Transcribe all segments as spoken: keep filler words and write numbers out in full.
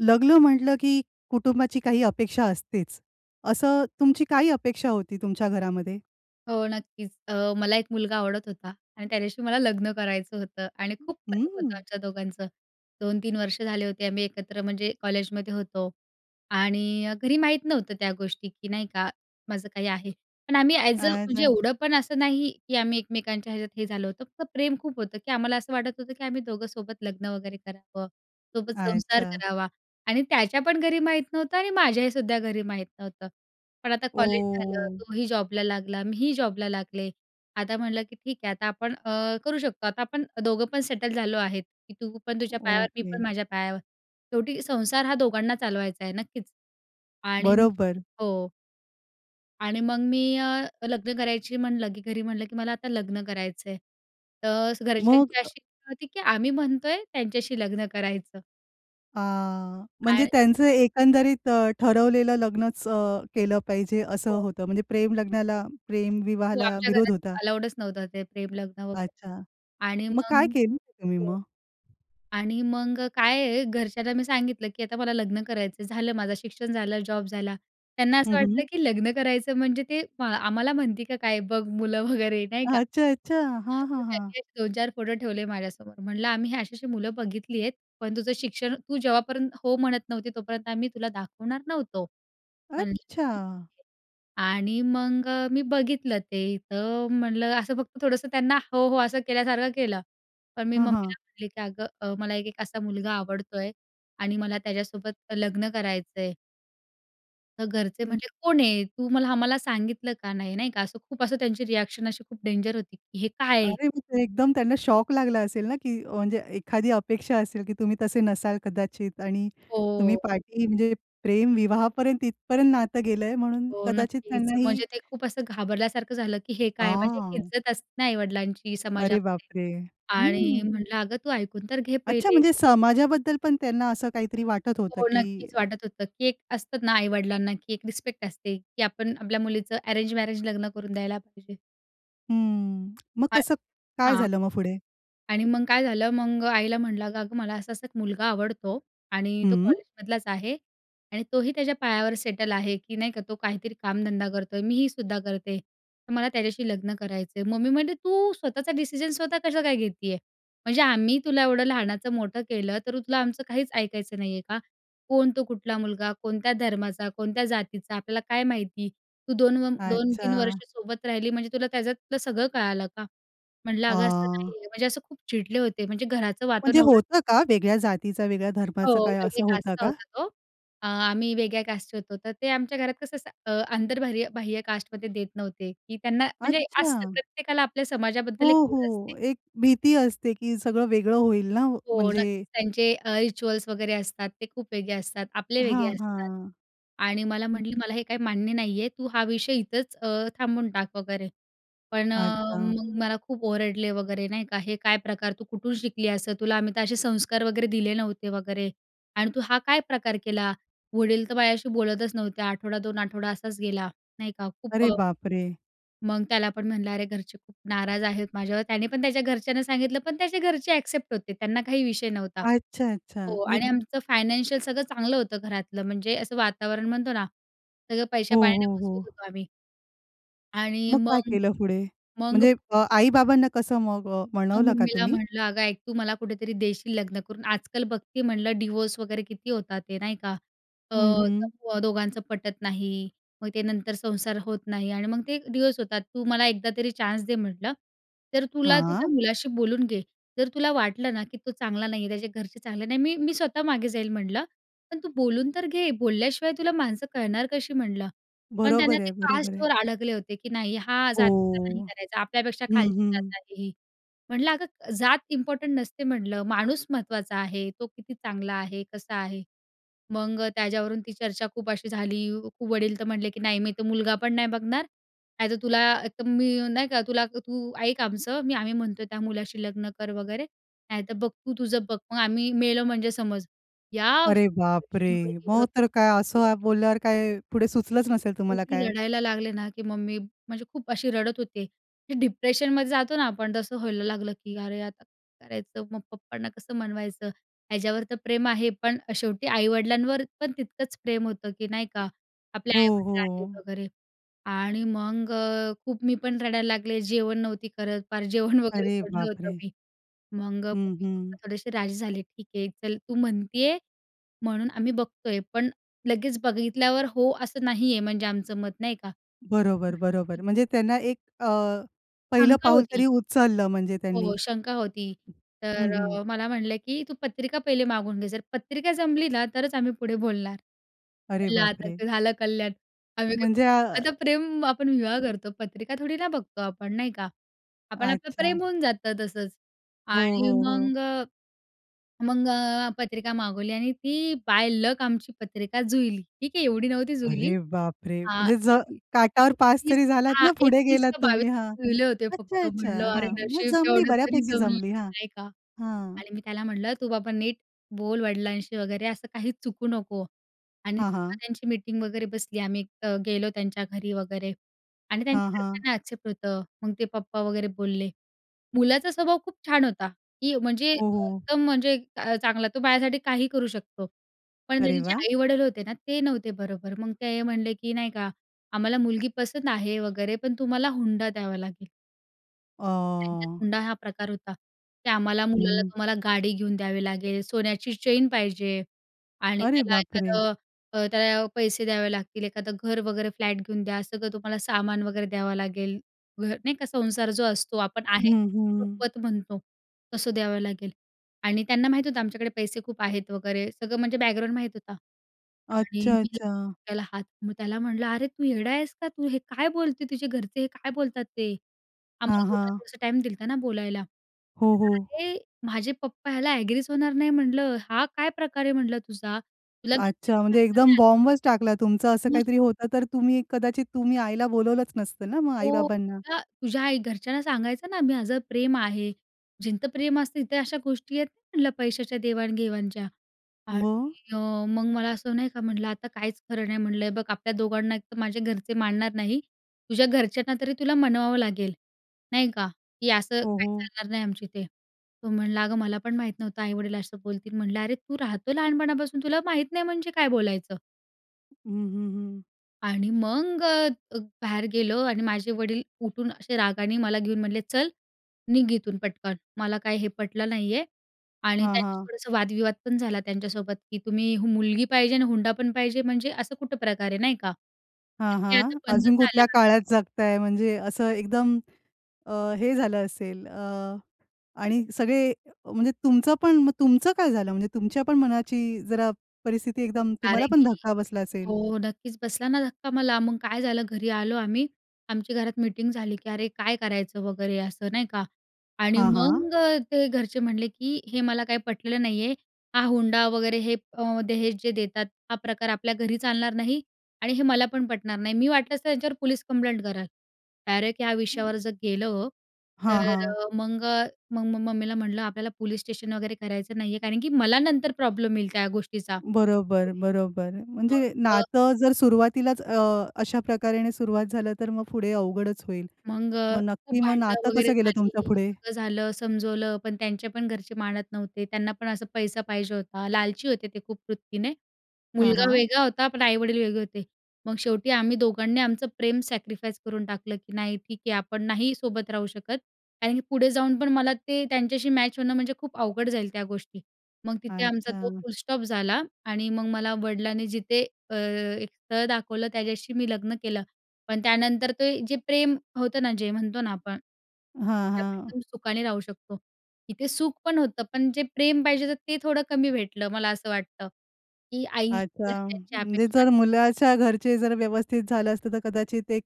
लग्न म्हंटलं की कुटुंबाची काही अपेक्षा असतेच. असं तुमची काय अपेक्षा होती तुमच्या घरामध्ये? हो, नक्कीच. अ, मला एक मुलगा आवडत होता आणि त्याच्याशी मला लग्न करायचं होतं आणि [unintelligible] खूप प्रेम होतं हम्म. आमच्या दोघांचं. दोन तीन वर्ष झाले होते. आम्ही एकत्र म्हणजे कॉलेजमध्ये होतो. आणि अ, घरी माहीत नव्हतं त्या गोष्टी की नाही का माझं काही आहे. पण आम्ही ॲज अ म्हणजे आजा. एवढं पण असं नाही की आम्ही एकमेकांच्या ह्याच्यात हे झालं होतं. फक्त प्रेम खूप होतं की आम्हाला असं वाटत होतं की आम्ही दोघं सोबत लग्न वगैरे करावं. सोबत संसार अच्छा. करावा आणि त्याच्या पण घरी माहीत नव्हतं आणि माझ्याही सुद्धा घरी माहीत नव्हतं. पण आता ओ! कॉलेज झालं. तो ही जॉबला लागला. मी ही जॉबला लागले. आता म्हटलं की ठीक आहे आता आपण अ, करू शकतो आता आपण दोघं पण सेटल झालो आहेत की तू पण तुझ्या पायावर मी ओके. पण माझ्या पायावर शेवटी संसार हा दोघांना चालवायचा आहे नक्कीच. आणि मग बरोबर. हो. आणि मग मी अ, लग्न करायची म्हणलं की घरी म्हणलं की "मला आता लग्न करायचंय." तर मग घरच्यांची अ अशी होती की आम्ही म्हणतोय त्याच्याशी लग्न करायचं. आह, म्हणजे आण त्यांचं एकंदरीत ठरवलेलं लग्नचं अ, केलं पाहिजे असं हो. होतं? म्हणजे प्रेम लग्नाला, प्रेम हो. विवाहाला आमच्या विरोध घरात होता? अलाउडचं नव्हतं, ते प्रेम लग्न वगैरे. अच्छा. आणि मग काय मग केलं तुम्ही हो. मग? आणि मग अ, काय आहे घरच्यांना मी सांगितलं की आता मला लग्न करायचंय. झालं माझं शिक्षण झालं, जॉब झाला. त्यांना असं हं, हं. वाटलं की लग्न करायचं म्हणजे ते म आम्हाला म्हणते का काय बघ मुलं वगैरे नाही का. अच्छा, अच्छा. तर हां, मग हां. हां. त्यांनी दोन चार फोटो ठेवले माझ्यासमोर. म्हणलं, "आम्ही अशी-अशी मुलं बघितली आहेत, पण तुझं शिक्षण तू जेव्हापर्यंत हो म्हणत नव्हती, तोपर्यंत आम्ही तुला दाखवणार नव्हतो." म्हणलं अच्छा! [unintelligible] आणि मग अ, मी बघितलं ते. तर म्हणलं असं फक्त थोडंसं त्यांना हो, हो. असं केल्यासारखं केलं. पण मी हां, हां. मम्मीला म्हटली की "अगं मला एक एक असा मुलगा आवडतोय आणि मला त्याच्यासोबत लग्न करायचंय." "तर घरचे हं. म्हणजे कोण आहे? तू मला आम्हाला सांगितलं का नाही?" नाही का, असं खूप असं त्यांची रिएक्शन अशी खूप डेंजर होती, की हे काय आहे? अरे म्हणजे एकदम त्यांना शॉक लागला असेल ना, की म्हणजे एखादी अपेक्षा असेल, की तुम्ही तसे नसाल कदाचित आणि तुम्ही हो. पाठी म्हणजे प्रेम विवाहापर्यंत तिथपर्यंत नातं गेलंय म्हणून हो, कदाचित नक्कीच. त्यांनाही म्हणजे ते खूप असं घाबरल्यासारखं झालं, की हे काय, म्हणजे एक आह! इज्जत असते ना आई-वडिलांची अरे समाजामध्ये बापरे! आणि हं! म्हटलं, "अगं तू ऐकून तर घे अच्छा पहिले." म्हणजे समाजाबद्दल पण त्यांना असं काहीतरी वाटत होतं, हो की नक्कीच वाटत होतं, की एक असतं ना आई-वडिलांना, की एक रिस्पेक्ट असते, की आपण आपल्या मुलीचं अरेंज मॅरेज लग्न करून द्यायला पाहिजे. हं. मग [unintelligible] कसं काय हां. झालं मग पुढे? आणि मग काय झालं मग आईला म्हटलं, "अगं-अगं मला असा-असा एक मुलगा आवडतो आणि तो हं. कॉलेजमधलाच आहे आणि तोही त्याच्या पायावर सेटल आहे की नाही का तो काहीतरी कामधंदा करतोय. मीही सुद्धा करते. तर मला त्याच्याशी लग्न करायचं आहे." मम्मी म्हणाली, "तू स्वतःचा डिसिजन स्वतः कसं काय घेतीये? म्हणजे आम्ही तुला एवढं लहानाचं मोठं केलं, तरु तुला आमचं काहीच ऐकायचं नाही आहे का? कोण? तो कुठला मुलगा, कोणत्या धर्माचा, कोणत्या जातीचा आपल्याला काय माहिती? तू दोन व दोन तीन अच्छा. वर्ष सोबत राहिली म्हणजे तुला त्याच्यातलं सगळं कळालं का?" म्हटलं, "अगं असं आह! नाहीये." म्हणजे असं खूप चिडले होते म्हणजे घराचं वातावरण म्हणजे एवढं होतं का वेगळ्या जातीचा, वेगळ्या हो, धर्माचं काय असं वेगळ्या होता कास्टचा का? होता तो. अ, आम्ही वेगळ्या कास्टचे होतो. तर ते आमच्या घरात कसं असं अ, आंतरबाहर्य बाह्य कास्टमध्ये देत नव्हते, की त्यांना म्हणजे अच्छा. असतं प्रत्येकाला आपल्या हो, समाजाबद्दल एक ओढ हो. असते. एक भीती असते की सगळं वेगळं होईल ना हो म्हणजे नक्कीच, त्यांचे अ, रिच्युअल्स वगैरे असतात ते खूप वेगळे असतात. आपले वेगळे हां. असतात हां. आणि मला हं. म्हटली, "मला हे काही मान्य नाही आहे, तू हा विषय इथंच अ, थांबवून टाक वगैरे," पण अ, अच्छा. मग मला खूप ओरडले वगैरे, नाही का, "हे काय प्रकार? तू कुठून शिकली असं? तुला आम्ही तर असे संस्कार वगैरे दिले नव्हते वगैरे आणि तू हा काय प्रकार केला?" वडील तर माझ्याशी बोलतच नव्हते. आठवडा, दोन आठवडा असाच गेला, नाही का, खूप अरे अ बापरे! मग त्याला पण म्हणलं, "अरे घरचे खूप नाराज आहेत माझ्यावर." त्याने पण त्याच्या घरच्यांना सांगितलं, पण त्याचे घरचे एक्सेप्ट होते. त्यांना काही विषय नव्हता. अच्छा, अच्छा. हो म्हणजे आणि आमचं फायनान्शियल सगळं चांगलं होतं, घरातलं म्हणजे असं वातावरण म्हणतो ना सगळं हो, पैस्या-पाण्याने हो, मजबूत हो. होतो आम्ही. आणि मग काय मग, केलं फुडे? मग म्हणजे, अ, आई-बाबांना कसं मग अ, मग मनवलं का मम्मीला तुम्ही? म्हणलं अगं ऐक, तू मला कुठेतरी देशील लग्न करून. आजकाल बघते म्हणलं डिवोर्स वगैरे किती होतात ते. नाही का? अ, हं, हं. तत्व दोघांचं पटत नाही. मग ते नंतर संसार होत नाही आणि मग ते डिवोर्स होतात. तू मला एकदा तरी चान्स दे म्हटलं. तर तुला तू त्या हां. मुलाशी बोलून घे. जर तुला वाटलं ना, की तो चांगला नाही आहे, त्याचे घरचे चांगले नाही. मी मी स्वतः मागे जाईल म्हणलं. पण तू बोलून तर घे. बोलल्याशिवाय तुला माणसं कळणार कशी म्हणलं. पण त्यांना बरोबर ते आहे. बरोबर आहे. कास्टवर आडकले होते, की नाही हा जातीचा नाही ओह! करायचा. आपल्यापेक्षा हं, खालची हं. जात आहे ही. म्हणलं, अगं जात इम्पोर्टंट नसते म्हणलं माणूस महत्त्वाचा आहे. तो किती चांगला आहे, कसा आहे. मग त्याच्यावरून ती चर्चा खूप अशी झाली खूप. वडील तर म्हणाले, की "नाही मी तर मुलगा पण नाही बघणार. नाहीतर तुला तर मी नाही का तुला तू ऐक आमचं मी आम्ही म्हणतोय त्या मुलाशी लग्न कर वगैरे. नाहीतर बघ तू तुझं बघ. मग आम्ही मेलो म्हणजे समज." या अरे बापरे! [unintelligible] वरून गेलं मग होतं. तर काय हो. असं बोलल्यावर काय पुढे सुचलच नसेल तुम्हाला एवढी काय? रडायला लागले ना, की मग मी म्हणजे खूप अशी रडत होते, की डिप्रेशनमध्ये जातो ना आपण तसं व्हायला लागलं, की अरे आता करायचं. मग पप्पांना कसं मनवायचं? ह्याच्यावर तर प्रेम आहे पण शेवटी आई-वडिलांवर पण तितकंच प्रेम होतं, की नाही का? आपले हो, आई-वडील आहेत हो. वगैरे. आणि मग अ, खूप मी पण रडायला लागले. जेवण नव्हती करत. पार जेवण वगैरे अरे सोडलं होतं बापरे! मी. मग हं, हं. मम्मी-पप्पा थोडेसे राजी झाले. ठीक आहे. चल, तू म्हणत आहे, म्हणून आम्ही बघतो आहे, पण लगेच बघितल्यावर हो असं नाहीये म्हणजे आमचं मत. नाही का? बरोबर, म्हटलं बरोबर. ठीक आहे. म्हणजे त्यांना एक अ, पहिलं शंका पाऊल होती. तरी उचललं म्हणजे त्यांनी. हो शंका होती. हं, तर हं. अ, मला म्हणाले, की "तू पत्रिका पहिले मागून घे. जर पत्रिका जमली ना तरच आम्ही पुढे बोलणार." अरे म्हणलं आता बापरे! ते झालं कल्याण. आम्ही काय म्हणजे प्रेम आ आता प्रेम आपण विवाह करतो पत्रिका थोडी ना बघतो आपण नाही का? आपण आपलं प्रेम अच्छा. होऊन जातं तसंच हो, आणि हो, हो. मग अ, मग अ, पत्रिका मागवली आणि ती बाय लक आमची पत्रिका जुळली. ठीक आहे. एवढी नव्हती जुळली. अरे बापरे! हां म्हणजे ज एक काठावर पास एकवीस तरी झालात हां, ना, फुडे एकवीस गेलात का बावीस तुम्ही. हं, जुळले होते अच्छा, फक्त. अच्छा म्हणलं अरे, हां, म्हणजे नशीब जमली तेवढं तरी बऱ्यापैकी जमलं, जमली हां, नाही का? हां. आणि मी त्याला म्हटलं तू बाबा नीट बोल वडिलांशी वगैरे असं काही चुकू नको आणि हां, जेव्हा हां. त्यांची मीटिंग वगैरे बसली आम्ही एक तर गेलो त्यांच्या घरी वगैरे आणि त्यांच्या हां, हां. घरच्यांना एक्सेप्ट होतं. मग ते पप्पा वगैरे बोलले मुलाचा स्वभाव खूप छान होता, की म्हणजे हो, हो. एकदम म्हणजे चांगला तो माझ्यासाठी काही करू शकतो. पण त्याचे अरे जे वाह! आई-वडील होते ना ते नव्हते बरोबर. मग ते हे म्हणले, की नाही का आम्हाला मुलगी पसंद आहे वगैरे पण तुम्हाला हुंडा द्यावा लागेल. अ त्यांच्यात हुंडा हा प्रकार होता की आम्हाला मुलाला हं. तुम्हाला गाडी घेऊन द्यावी लागेल, सोन्याची चैन पाहिजे आणि अरे त्याला बापरे! एखादं, अ, त्याला पैसे द्यावे लागतील. एखादं घर वगैरे फ्लॅट घेऊन द्या, सगळं तुम्हाला सामान वगैरे द्यावं लागेल. घर नाही का, संसार जो असतो आपण आहेर, हं, हं. रुखवत म्हणतो, तसं द्यावं लागेल आणि त्यांना माहीत होतं आमच्याकडे पैसे खूप आहेत वगैरे, सगळं म्हणजे बॅकग्राऊंड माहीत होतं आणि अच्छा, मी [unintelligible] अच्छा. त्याला हात मग त्याला म्हटलं, "अरे तू येडा आहेस का? तू हे काय बोलतोय? तुझे घरचे हे काय बोलतात ते?" आम्हाला हां, दोघांना हां. थोडासा टाईम दिला होता ना बोलायला. हो, हो. [unintelligible] "माझे पप्पा ह्याला एग्रीच होणार नाही, "म्हटलं. "हा काय प्रकार आहे," म्हटलं "तुझा? तुला हे सगळं अच्छा, म्हणजे सांगता एकदम नाही आलं?" बॉम्बच टाकला तुमचं असं [unintelligible] काहीतरी होतं, तर तुम्ही कदाचित तुम्ही आईला बोलावलंच नसतं ना, मग हो, आई-बाबांना? का "तुझ्या आई घरच्यांना सांगायचं ना माझं प्रेम आहे. जिथं प्रेम असतं तिथं अशा गोष्टी येत नाही म्हटलं पैशाच्या देवाणघेवाणच्या. आणि मग? अ, मग मला असं," नाही का म्हटलं, "आता काहीच खरं नाही." म्हटलं. "हे बघ, आपल्या दोघांना एक तर माझे घरचे मानणार नाही. तुझ्या घरच्यांना तरी तुला मानवावं लागेल, नाही का, की असं हो, काही हो. चालणार नाही आमच्या इथे." तो म्हणला, "अगं मला पण माहीत नव्हतं आई-वडील असं बोलतील." म्हटलं, "अरे तू राहतो लहानपणापासून, तुला माहीत नाही म्हणजे काय बोलायचं?" हं, हं, हं. आणि मग अ, ग बाहेर गेलो आणि माझे वडील उठून असे रागाने मला घेऊन म्हटले, "चल, निघ इथून पटकन, मला काही हे पटलं नाही आहे." आणि हां, त्यांचे हां. थोडंसं वादविवाद पण झाला त्यांच्यासोबत, की तुम्ही मुलगी पाहिजे आणि हुंडा पण पाहिजे म्हणजे? असं कुठं प्रकार आहे? नाही का? हां, हे आता हां. बंद अजून झालं कुठल्या आहे. काळात जगताय म्हणजे असं एकदम अ, हे झालं असेल अ, आणि सगळे म्हणजे तुमचं पण. मग तुमचं काय झालं? म्हणजे तुमच्या पण मनाची जरा परिस्थिती एकदम तुम्हाला कारण पण की धक्का बसला असेल? हो, नक्कीच. बसला ना धक्का मला. मग काय झालं घरी आलो आम्ही. आमच्या घरात मीटिंग झाली, की अरे, काय करायचं वगैरे असं नाही का? आणि हां, हां. मग अ, ते घरचे म्हटले की "हे मला काही पटलेलं नाही आहे. हा हुंडा वगैरे हे अ, दहेज जे देतात हा प्रकार आपल्या घरी चालणार नाहीआणि हे मला पण पटणार नाही, मी वाटलंस तर त्यांच्यावर पोलीस कंप्लेंट करेन." डायरेक्ट या [unintelligible] विषयावर जर गेलं, हां, तर हां. अ, मग अ, मग मग मम्मीला म्हटलं, "आपल्याला पोलीस स्टेशन वगैरे करायचं नाही आहे, कारण की मला नंतर प्रॉब्लेम येईल त्या गोष्टीचा बरोबर, पुढे." बरोबर. म्हणजे मग अ नातं जर सुरुवातीलाच अ, अशा प्रकारेाने सुरुवात झालं तर मग पुढे अवघडच होईल. मग अ, मग खूप नक्की मग भांडणं नातं वगैरे कसं गेलं झाली. तुमचं पुढे? सगळं झालं समजवलं, पण त्यांचे पण घरचे मानत नव्हते. त्यांना पण असा पैसा पाहिजे होता. लालची होते ते खूप वृत्तीने. हां, मुलगा हां. वेगळा होता, पण आई-वडील वेगळे होते. मग शेवटी आम्ही दोघांनी आमचं प्रेम सॅक्रिफाईस करून टाकलं की नाही ठीक आहे आपण नाही सोबत राहू शकत, कारण की पुढे जाऊन पण मला ते त्यांच्याशी मॅच होणं म्हणजे खूप अवघड जाईल त्या गोष्टी. मग तिथे आमचा तो अच्छा. फुलस्टॉप झाला आणि मग मला वडिलांनी जिथे अ, एक स्थळ दाखवलं, त्याच्याशी मी लग्न केलं. पण त्यानंतर ते जे प्रेम होतं ना, जे म्हणतो ना, हां, त्यातनं हां. एकदम सुखाने राहू शकतो. इथे सुख पण होतं, पण जे प्रेम पाहिजे तर ते थोडं कमी भेटलं. मला असं वाटतं, की आईची आचा. घरच्यांची म्हणजे अपेक्षा जर मुलाच्या घरचे जर व्यवस्थित झालं असतं, तर कदाचित एक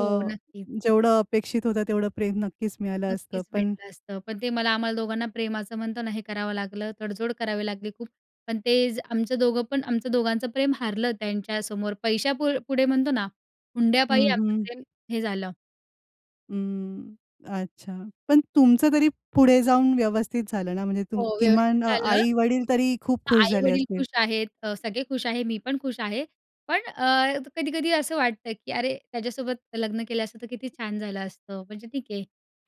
हो, नक्की. जेवढं अपेक्षित होतं, तेवढं प्रेम नक्कीच मिळालं असतं. नक्कीच पण भेटलं असतं. पण ते मला आम्हाला दोघांना प्रेम असं म्हणतो ना, हे करावं लागलं, तडजोड करावी लागली खूप. पण ते जे आमचं दोघं पण आमचं दोघांचं प्रेम हारलं त्यांच्यासमोर. पैशा पु पुढे म्हणतो ना, हुंड्यापायी हं, आमचं हं. प्रेम हे झालं. अं, अच्छा. पण तुमचं तरी पुढे जाऊन व्यवस्थित झालं ना, म्हणजे तुम हो, व्यवस्थित किमान अ, झालं. आई-वडील तरी खूप हां, खुश झाले आई-वडील असतील. खुश आहेत, अ, सगळे खुश आहे, मी पण खुश आहे. पण अ, कधी-कधी असं वाटतं की अरे त्याच्यासोबत लग्न केलं असतं तर किती छान झालं असतं. म्हणजे ठीक आहे.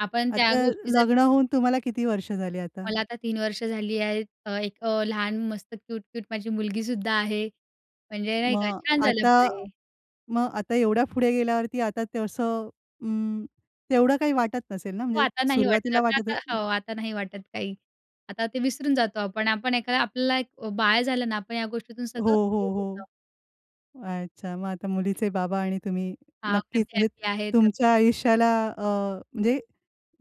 आपण त्या आता गोष्टी जर लग्न होऊन तुम्हाला किती वर्ष झाली आता? मला आता तीन वर्ष झाली आहेत. अ, एक अ, लहान मस्त, क्यूट-क्यूट माझी मुलगी सुद्धा आहे. म्हणजे नाही का, मग छान झालं आता पुढे. मग आता एवढ्या पुढे गेल्यावरती आता तसं अं, तेवढं काही वाटत नसेल ना? हो, म्हणजे आता नाही वाटत, सुरुवातीला आता वाटत अ आता हो आता नाही वाटत काही आता. ते विसरून जातो आपण. आपण एक आपला एक अ, बाळ झालं ना, आपण ह्या गोष्टीतून हो, सगळं हो, निघून हो. जातो. अच्छा. मग आता मुलीचे बाबा आणि तुम्ही हां, नक्कीच म्हणजे हॅपी-हॅपी आहेत अगदी. तुमच्या आयुष्याला अ, म्हणजे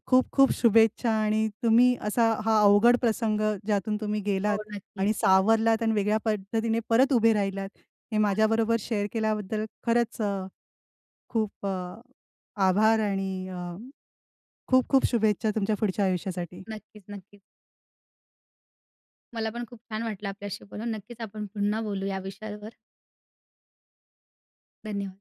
खूप-खूप शुभेच्छा आणि तुम्ही असा हा अवघड प्रसंग ज्यातून तुम्ही गेलात हो, नक्कीच. आणि सावरलात आणि वेगळ्या पद्धतीने परत उभे राहिलात. हे अगदी. माझ्याबरोबर शेअर केल्याबद्दल खरंच अ, खूप अ, आभार आणि अ, खूप-खूप शुभेच्छा तुमच्या पुढच्या आयुष्यासाठी. नक्कीच, नक्कीच. मला पण खूप छान वाटलं आपल्याशी बोलून. नक्कीच आपण पुन्हा बोलू या विषयावर. धन्यवाद.